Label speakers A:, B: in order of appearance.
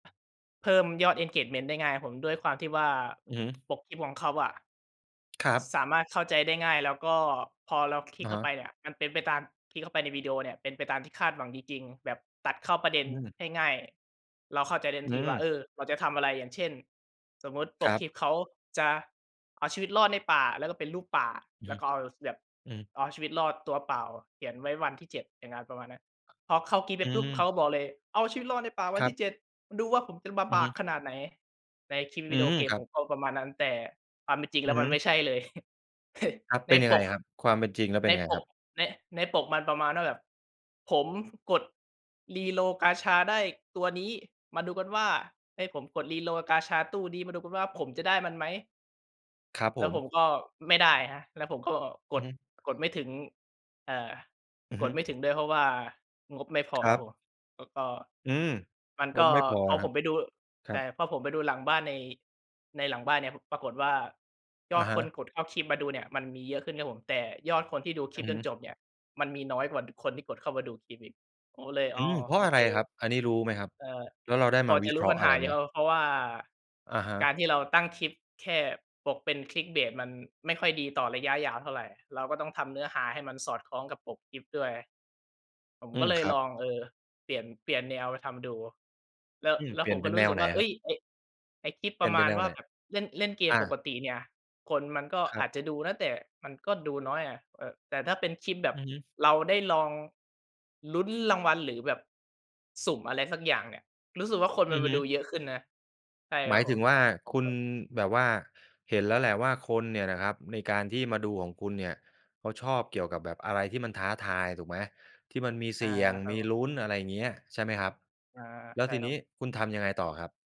A: เพิ่มยอด engagement ได้ง่ายผม ด้วยความที่ว่า
B: อือฮึ
A: ปกคลิปของเขาอะ
B: ครับ
A: สามารถเข้าใจได้ง่าย แล้วก็พอเราคลิ
B: อ
A: ก
B: ะ
A: เข
B: ฮ
A: ้าไป
B: ะ
A: เนี่ยมันเป็นไปตาม คลิกเข้าไปในวิดีโอเนี่ยเป็นไปตามที่คาดหวังจริง ๆ แบบตัดเข้าประเด็
B: อ
A: น
B: ืม
A: ให้ง่าย เราเข้าใจในท
B: อ
A: ั
B: ื
A: นทีว่า
B: ม
A: เออ เราจะทำอะไร อย่างเช่น สมมุติป
B: คร
A: ก
B: ั
A: ค
B: บ
A: ลิปเขาจะเอาชีวิตรอดในป่า แล้วก็เป็นรูปป่า
B: อือ
A: แล
B: ฮ
A: ้
B: ึ
A: วก็เอา ส แบบ
B: อืม
A: เอาชีวิตรอดตัวเปล่าอะเขียนไว้วันที่ 7 อย่างงั้น ประมาณเนี้ย พอเข้าคลิปไ
B: อ
A: ปปุ๊บ เข
B: ืม
A: าบอกเลย "เอาชีวิตรอดในป่าวั
B: ค
A: น
B: ร
A: ท
B: ับ
A: ี่ 7 ดูว่าผมจะบา
B: อื
A: บ
B: อฮ
A: าก
B: ึ
A: ขนาดไหน?" ในคลิป
B: อื
A: วิดีโอ
B: ม
A: เกม
B: ครั
A: ผ
B: บ
A: มก็ประมาณนั้น แต่ความเป็นจริง
B: อ
A: แ
B: ื
A: ล้
B: อ
A: ว
B: ฮ
A: มัน
B: ึ
A: ไม่ใช่เลย
B: ครับ
A: ใ
B: เ
A: น
B: ป็นยัง
A: ป
B: ไง
A: ก
B: ครับ ความเป็นจริงแล้วเป
A: ใ
B: ็
A: น
B: นยังไง
A: ป
B: คร
A: ก
B: ับ?
A: ใน ในปกมันประมาณว่าแบบผมกด reroll กาชาได้ตัวนี้ มาดูกันว่า เฮ้ย ผมกด reroll กาชาตู้นี้ มาดูกันว่าผมจะได้มันไหม?
B: ครับ
A: แ
B: ผ
A: ล้วผ
B: ม
A: มก็ไม่ได้ครับ แล้วผมก็
B: อ
A: ก
B: ือ
A: ด
B: ฮึ
A: กดไม่ถึง เอ่อ
B: อือ
A: ก
B: ฮ
A: ด
B: ึ
A: ไม่ถึงด้วย เพราะว่างบไม่พอ
B: คร
A: ค
B: ั
A: รับ
B: บ
A: ผม แล้วก็
B: อืม
A: มัน
B: ง
A: ก
B: บ
A: ็
B: ไม่พอ
A: พ
B: เหร
A: อ
B: อค
A: ผ
B: รั
A: ม
B: บ?
A: ไปดู
B: คร
A: แต
B: ั
A: ่
B: บ
A: พอผมไปดูหลังบ้านใน ในหลังบ้านเนี่ย พ ปรากฏว่าย
B: อ
A: อ
B: ะ
A: ด
B: ฮ
A: คน
B: ะ
A: กดเข้าคลิปมาดูเนี่ย มันมีเยอะขึ้นครับผม แต่ยอดคนที่ดูค
B: อ
A: ล
B: ื
A: ิป
B: อ
A: จ
B: ฮ
A: น
B: ึ
A: จบเนี่ย มันมีน้อยกว่าคนที่กดเข้ามาดูคลิปอีก ผมก็เลย
B: อ
A: อ
B: ื
A: ๋อ
B: ม เพร
A: ๆ
B: า
A: โ
B: ะ
A: อ
B: อะ
A: เ
B: ไ
A: ค
B: รครับ อันนี้รู้ไหมครับ
A: เอ่อ
B: แล้วเราได้
A: พ
B: ม
A: อ
B: าว
A: จ
B: ิ
A: ะ
B: เค
A: รู้
B: ราะ
A: ป
B: ห
A: ั
B: ์
A: ญ
B: อะ
A: ห
B: ไร
A: าอย
B: ไ
A: ู
B: ห
A: ่
B: ม?
A: แล้ว เพราะว่า
B: อะฮ
A: กา
B: ะ
A: รที่เราตั้งคลิปแค่ปกเป็น Clickbait มันไม่ค่อยดีต่อระยะยาวเท่าไร เราก็ต้องทำเนื้อหาให้มันสอดคล้องกับปกคลิปด้วย ผม
B: อื
A: ก็
B: ม
A: เล
B: ค
A: ย
B: รั
A: ล
B: บ
A: อง เออ เปลี่ยน เปลี่ยนแนวไปทำดู แล้ว
B: อืม
A: แล้
B: เป
A: ว
B: ลี
A: ผ
B: ่ยน
A: ม
B: เ
A: ก
B: ป
A: ็
B: ็น
A: ร
B: แ
A: ู
B: น
A: ้ส
B: ว
A: ึก
B: ไหน
A: ว่า เอ
B: ครับ?
A: ๊ย ไอ้ ไอ้คลิป
B: เ
A: ป
B: ปล
A: ร
B: ี่ย
A: ะ
B: นเ
A: ม
B: ป็
A: า
B: นแ
A: ณ
B: นว
A: ว่
B: ไ
A: า
B: หน?
A: แบบเล่น เล่นเก
B: อ
A: มป
B: า
A: กติเนี่ย คนมันก็
B: ครั
A: อ
B: บ
A: าจจะดูนะ แต่มันก็ดูน้อยอะ เอ่อ แต่ถ้าเป็นคลิปแบบ
B: อือฮึ
A: เราได้ลอง ลุ้นรางวัล หรือแบบสุ่มอะไรสักอย่างเนี่ย รู้สึกว่าคน
B: อื
A: มัน
B: อ
A: ม
B: ฮ
A: า
B: ึ
A: ดูเยอะขึ้นนะ ใช่
B: ห
A: ค
B: ม
A: รั
B: าย
A: บผ
B: ถึ
A: ม
B: งว่า คุณแบบว่าเห็นแล้วแหละว่า คนเนี่ยนะครับในการที่มาดูของคุณเนี่ย เขาชอบเกี่ยวกับแบบอะไรที่มันท้าทาย ถูกไหม? ที่มันมีเ
A: อ
B: ส
A: า
B: ี่ยง
A: ครั
B: ม
A: บ
B: ี
A: ผม
B: ลุ้น อะไรอย่างเงี้ย ใช่ไหมครับ
A: อา
B: แล้
A: ใช
B: ว
A: ่
B: ที
A: ครั
B: น
A: บ
B: ี้
A: ผม
B: คุณทำยังไงต่อครับ?